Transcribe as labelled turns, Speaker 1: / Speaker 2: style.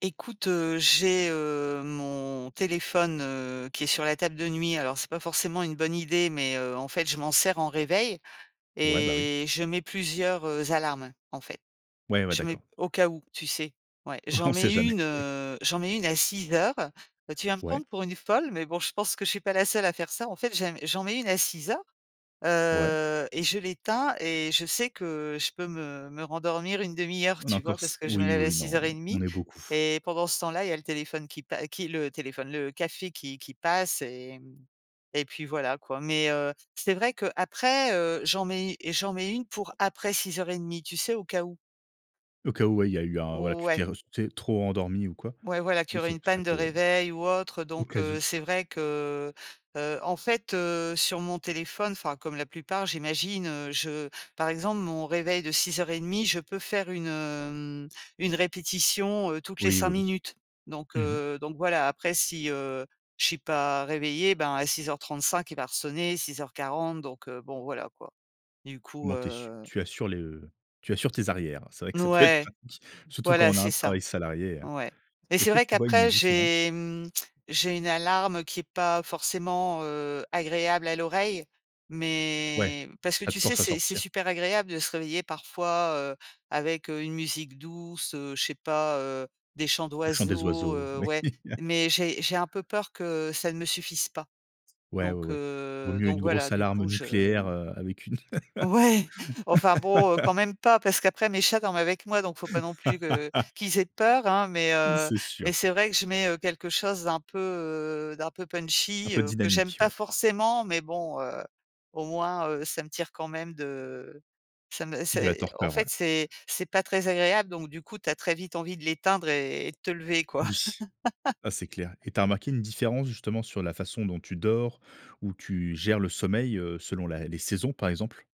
Speaker 1: Écoute, heu, j'ai, heu, mon téléphone, heu, qui est sur la table de nuit. Alors, c'est pas forcément une bonne idée, mais, heu, en fait, je m'en sers en réveil
Speaker 2: Ouais. Bah, oui.
Speaker 1: et je mets plusieurs, heu, alarmes, en fait.
Speaker 2: Ouais, ouais.
Speaker 1: Je mets,
Speaker 2: D'accord.
Speaker 1: au cas où, tu sais? Ouais. J'en
Speaker 2: On sait
Speaker 1: mets
Speaker 2: jamais.
Speaker 1: une, heu, j'en mets une à 6:00. Tu vas me
Speaker 2: Ouais.
Speaker 1: prendre pour une folle, mais, bon, je pense que je suis pas la seule à faire ça. En fait, j'aime j'en mets une à 6:00,
Speaker 2: Ouais.
Speaker 1: heu et je l'éteins et je sais que je peux me me rendormir 1/2 heure,
Speaker 2: On a
Speaker 1: tu
Speaker 2: encore
Speaker 1: vois?
Speaker 2: s
Speaker 1: Parce je me
Speaker 2: oui,
Speaker 1: lève à
Speaker 2: oui,
Speaker 1: six
Speaker 2: non,
Speaker 1: heures et
Speaker 2: on
Speaker 1: demi
Speaker 2: est beaucoup.
Speaker 1: et pendant ce temps-là, il y a le téléphone qui pa qui le téléphone, le café qui qui passe et mmh et puis, voilà, quoi. Mais, heu, c'est vrai qu'après, heu, j'en mets j'en mets une pour après 6:30 tu sais, au cas où.
Speaker 2: Au cas où. Ouais, il y a eu un voilà tu t'es
Speaker 1: Ouais.
Speaker 2: res tu es trop endormie ou quoi?
Speaker 1: Ouais, voilà,
Speaker 2: Oui,
Speaker 1: qu'il aurait
Speaker 2: c'est
Speaker 1: une panne
Speaker 2: ça
Speaker 1: de
Speaker 2: peut.
Speaker 1: réveil ou autre.
Speaker 2: Au
Speaker 1: Donc,
Speaker 2: cas où.
Speaker 1: heu, c'est vrai que, heu, en fait, heu, sur mon téléphone, enfin, comme la plupart, j'imagine, heu, je par exemple, mon réveil de 6:30, je peux faire une, hem, une répétition, heu, toutes les
Speaker 2: Oui,
Speaker 1: 5
Speaker 2: oui, oui.
Speaker 1: minutes. Donc,
Speaker 2: Mmh mh.
Speaker 1: heu, donc, voilà, après, si, heu, je suis pas réveillée, ben, à 6:35, il va resonner, 6:40. Donc, heu, bon, voilà, quoi. Du
Speaker 2: Au
Speaker 1: coup,
Speaker 2: moins, tu es su
Speaker 1: heu
Speaker 2: tu assures le tu assures tes arrières. C'est vrai que
Speaker 1: N
Speaker 2: ça peut être
Speaker 1: ouais,
Speaker 2: pratique, surtout quand
Speaker 1: voilà,
Speaker 2: on a
Speaker 1: c'est
Speaker 2: un
Speaker 1: ça.
Speaker 2: travail salarié, hein.
Speaker 1: Ouais et c'est
Speaker 2: Est-ce que
Speaker 1: vrai,
Speaker 2: tu vois une
Speaker 1: qu'après,
Speaker 2: différence?
Speaker 1: j'ai, mmh, j'ai une alarme qui est pas forcément, heu, agréable à l'oreille.
Speaker 2: Ouais,
Speaker 1: Mais, parce que,
Speaker 2: ça te
Speaker 1: tu sais,
Speaker 2: force à
Speaker 1: c'est c'est
Speaker 2: sortir.
Speaker 1: super agréable de se réveiller, parfois, heu, avec, heu, une musique douce, heu, je sais pas, heu, des chants
Speaker 2: Le chant des
Speaker 1: d'oiseaux,
Speaker 2: oiseaux,
Speaker 1: heu,
Speaker 2: oui.
Speaker 1: ouais, mais, j'ai j'ai un peu peur que ça ne me suffise pas.
Speaker 2: Ouais, ouais,
Speaker 1: Donc,
Speaker 2: ouais. Vaut
Speaker 1: heu,
Speaker 2: mieux une
Speaker 1: donc,
Speaker 2: grosse
Speaker 1: voilà, du
Speaker 2: alarme
Speaker 1: coup, je,
Speaker 2: nucléaire,
Speaker 1: mmh
Speaker 2: heu, avec une
Speaker 1: ouais, enfin, bon, heu, quand même pas. Parce qu'après, mes chats dorment avec moi. Donc, faut pas non plus que qu'ils aient peur, hein. Mais,
Speaker 2: Oui,
Speaker 1: heu,
Speaker 2: c'est
Speaker 1: mais,
Speaker 2: sûr.
Speaker 1: c'est vrai que je mets, heu, quelque chose d'un peu, heu, d'un peu
Speaker 2: Un
Speaker 1: punchy,
Speaker 2: peu
Speaker 1: heu, que j'aime
Speaker 2: dynamique,
Speaker 1: pas
Speaker 2: ouais.
Speaker 1: forcément. Mais, bon, heu, au moins, heu, ça me tire quand même de ça me
Speaker 2: De la
Speaker 1: c'est en
Speaker 2: torpeur,
Speaker 1: fait,
Speaker 2: ouais.
Speaker 1: c'est c'est pas très agréable. Donc, du coup, tu as très vite envie de l'éteindre et de te lever, quoi.
Speaker 2: Oui, ah, c'est clair et tu as remarqué une différence, justement, sur la façon dont tu dors, ou tu gères le sommeil, heu, selon la les saisons, par exemple?